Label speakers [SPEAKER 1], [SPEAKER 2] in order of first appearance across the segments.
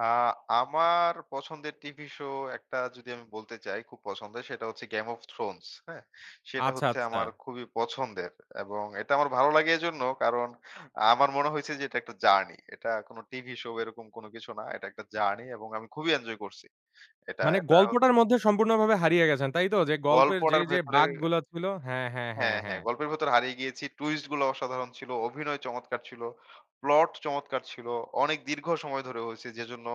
[SPEAKER 1] আ আমার পছন্দের TV show একটা যদি আমি বলতে চাই, খুব পছন্দের সেটা হচ্ছে 'Game of Thrones' হ্যা? সেটা
[SPEAKER 2] আচ্ছা,
[SPEAKER 1] হচ্ছে
[SPEAKER 2] আচ্ছা।
[SPEAKER 1] আমার খুবই পছন্দের। এবং এটা আমার ভালো লাগে এজন্য, কারণ আমার মনে হইছে যে এটা একটা জার্নি। এটা কোনো টিভি শো এরকম কোনো কিছু না। এটা একটা জার্নি এবং আমি খুবই এনজয় করছি। এটা
[SPEAKER 2] মানে
[SPEAKER 1] এটা হচ
[SPEAKER 2] গল্পটার মধ্যে সম্পূর্ণভাবে হারিয়ে গেছেন, তাই তো? যে গল্পের যে,
[SPEAKER 1] গল্পটার
[SPEAKER 2] যে
[SPEAKER 1] ভেতরে
[SPEAKER 2] বাক গুলা ছিল হ্যাঁ, হ্যাঁ, হ্যাঁ, হ্যাঁ,
[SPEAKER 1] হ্যাঁ, হ্যাঁ।
[SPEAKER 2] হ্যাঁ।
[SPEAKER 1] গল্পের ভেতর হারিয়ে গিয়েছি। twist গুলো অসাধারণ ছিল, অভিনয় চমৎকার ছিল, প্লট চমৎকার ছিল। অনেক দীর্ঘ সময় ধরে হইছে, যেজন্য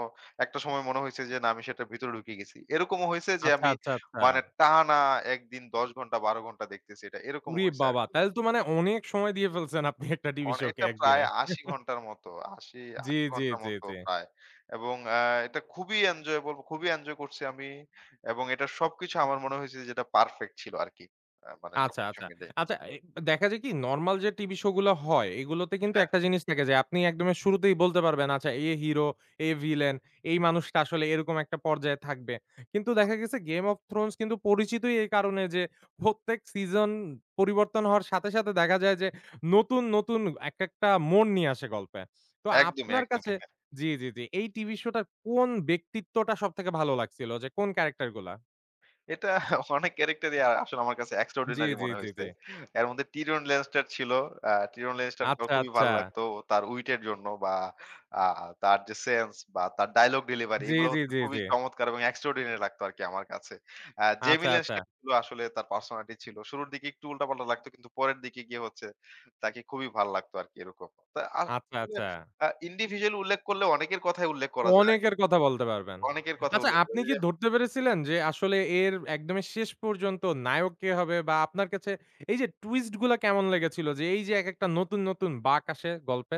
[SPEAKER 1] একটা সময় মনে হইছে যে, "না! আমি সেটার ভিতরে ঢুকে গেছি।" এরকমও হইছে যে,
[SPEAKER 2] আচ্ছা,
[SPEAKER 1] আমি
[SPEAKER 2] আচ্ছা, আচ্ছা।
[SPEAKER 1] মানে টানা ১ দিন ১০ ঘন্টা, ১২ ঘন্টা দেখতেছি এটা, এরকমও
[SPEAKER 2] উরে
[SPEAKER 1] হয়েছে
[SPEAKER 2] বাবা!
[SPEAKER 1] আরকি।
[SPEAKER 2] তাইলে তো মানে অনেক সময় দিয়ে ফেলছেন আপনি একটা টিভি শো কে
[SPEAKER 1] অনেকটা
[SPEAKER 2] ১
[SPEAKER 1] প্রায়
[SPEAKER 2] দিনে।
[SPEAKER 1] ৮০ ঘন্টার মতো, আশি
[SPEAKER 2] জি,
[SPEAKER 1] আশি
[SPEAKER 2] জি,
[SPEAKER 1] ঘন্টার
[SPEAKER 2] জি,
[SPEAKER 1] মতো
[SPEAKER 2] জি।
[SPEAKER 1] প্রায়। এবং এ্যা এটা খুবই enjoyable! খুবই এনজয় করছি আমি। এবং এটার সবকিছু আমার মনে হইছে যে, এটা পারফেক্ট ছিল আরকি। আ মানে
[SPEAKER 2] আচ্ছা,
[SPEAKER 1] সবকিছু
[SPEAKER 2] আচ্ছা।
[SPEAKER 1] মিলে।
[SPEAKER 2] আচ্ছা, এ দেখা যায় কি, নরমাল যে টিভিশো গুলা হয়, এগুলোতে কিন্তু
[SPEAKER 1] হ্যাঁ।
[SPEAKER 2] একটা জিনিস থেকে যায়। আপনি একদমে শুরুতেই বলতে পারবেন আচ্ছা, "এ হেরো, এ ভিলেন, এই মানুষটা আসলে এরকম একটা পর্যায়ে থাকবে।" কিন্তু দেখা গেছে 'Game of Thrones' কিন্তু পরিচিতই এই কারণে যে, প্রত্যেক সিজন পরিবর্তন হওয়ার সাথে, সাথে দেখা যায় যে, নতুন, নতুন এক একটা মোড় নিয়ে আসে গল্পে। তো
[SPEAKER 1] একদমই,
[SPEAKER 2] আপনার
[SPEAKER 1] একদমই
[SPEAKER 2] কাছে
[SPEAKER 1] হ্যাঁ।
[SPEAKER 2] জি, জি, জি। এই টিভিশো টার কোন ব্যক্তিত্বটা সবথেকে ভালো লাগছিল যে, কোন ক্যারেক্টারগুলা?
[SPEAKER 1] এটা অনেক character ই আ আসলে আমার কাছে
[SPEAKER 2] জি,
[SPEAKER 1] extraordinary
[SPEAKER 2] জি,
[SPEAKER 1] মনে
[SPEAKER 2] জি, জি।
[SPEAKER 1] হইছে। এর মধ্যে Tyrion Lannister ছিল। অ্যা Tyrion Lannister ও
[SPEAKER 2] আচ্ছা,
[SPEAKER 1] খুবই
[SPEAKER 2] আচ্ছা।
[SPEAKER 1] ভাল্লাগতো, ও তার উইট এর জন্য বা আ তার যে সেন্স বা তার ডায়ালগ ডেলিভারি,
[SPEAKER 2] জি,
[SPEAKER 1] এগুলো
[SPEAKER 2] জি,
[SPEAKER 1] হচ্ছে
[SPEAKER 2] জি,
[SPEAKER 1] খুবই
[SPEAKER 2] জি।
[SPEAKER 1] চমৎকার এবং extraordinary লাগতো আরকি আমার কাছে। আ Jaime
[SPEAKER 2] আচ্ছা, আচ্ছা।
[SPEAKER 1] Lannister উ আসলে তার পার্সোনালিটি ছিল। শুরুর দিকে একটু উল্টা-পাল্টা লাগতো, কিন্তু পরের দিকে গিয়ে হচ্ছে তাকে খুবই ভাল্লাগতো আরকি এরকম। তা আ
[SPEAKER 2] আচ্ছা, আচ্ছা।
[SPEAKER 1] [unintelligible] আ individual উল্লেখ করলে, অনেকের কথাই উল্লেখ করা যায়
[SPEAKER 2] অনেকের কথা বলতে
[SPEAKER 1] [unintelligible]
[SPEAKER 2] পারবেন।
[SPEAKER 1] অনেকের কথা
[SPEAKER 2] আচ্ছা,
[SPEAKER 1] উল্লেখ
[SPEAKER 2] আপনি কি
[SPEAKER 1] [unintelligible]
[SPEAKER 2] ধরতে পেরেছিলেন যে, আসলে এর একদমে শেষ পর্যন্ত নায়ক কে হবে? বা আপনার কাছে এই যে twist গুলা কেমন লেগেছিল যে, এই যে এক একটা নতুন, নতুন বাক আসে গল্পের?